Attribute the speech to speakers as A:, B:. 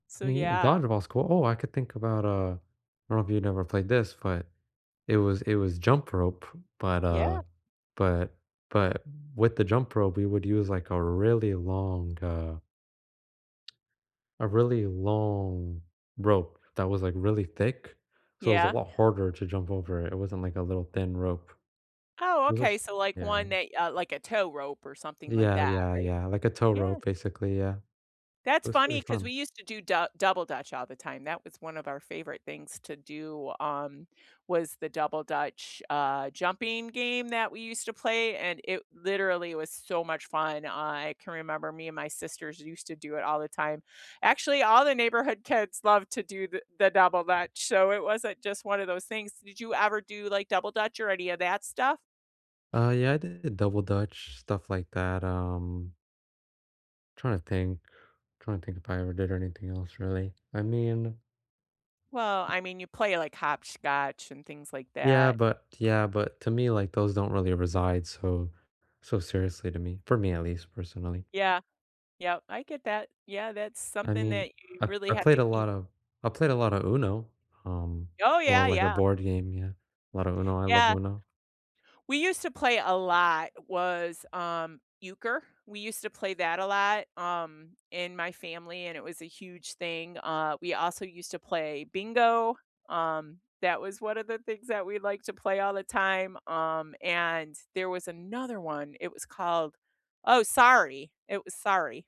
A: So,
B: Me uh,
A: yeah.
B: dodgeball's cool Oh, I could think about, uh I don't know if you'd never played this, but, it was it was jump rope, but,
A: Yeah.
B: uh, but but with the jump rope, we would use, like, a really long, uh a really long rope that was, like, really thick, so it was a
A: Yeah?
B: lot harder to jump over it; it wasn't like a little thin rope.
A: Oh,
B: This
A: okay,
B: was
A: so, like,
B: Yeah.
A: one that uh, like, a tow rope or something like
B: Yeah,
A: that,
B: yeah,
A: right?
B: yeah, like a tow
A: Yeah.
B: rope, basically, yeah.
A: That's
B: It was
A: funny
B: pretty
A: 'cause we
B: fun.
A: used to do Dou Double Dutch all the time. That was one of our favorite things to do, um, was the Double Dutch, uh, jumping game that we used to play, and it literally was so much fun; I can remember me and my sisters used to do it all the time. Actually, all the neighborhood kids love to do the the Double Dutch, so it wasn't just one of those things. Did you ever do, like, Double Dutch or any of that stuff?
B: Uh, yeah, I did Double Dutch, stuff like that, um tryna think tryna think if I ever did anything else, really. I mean
A: Well, I mean, you play, like, hopscotch and things like
B: Yeah,
A: that.
B: but yeah, but to me, like, those don't really reside so so seriously to me for me, at least, personally.
A: Yeah, yep, I get that. Yeah, that's
B: I
A: something
B: mean,
A: that you
B: I I
A: really have
B: played
A: to
B: a
A: keep
B: lot of I played a lotta UNO, um,
A: Oh,
B: more,
A: yeah,
B: like, a
A: yeah.
B: board game, yeah. A lotta UNO; I love
A: Yeah.
B: UNO.
A: We used to play a lot was, um, euchre. We used to play that a lot, um, in my family, and it was a huge thing, uh, we also used to play bingo, um, that was one of the things that we like to play all the time, um, and there was another one, it was called oh, Sorry, it was Sorry.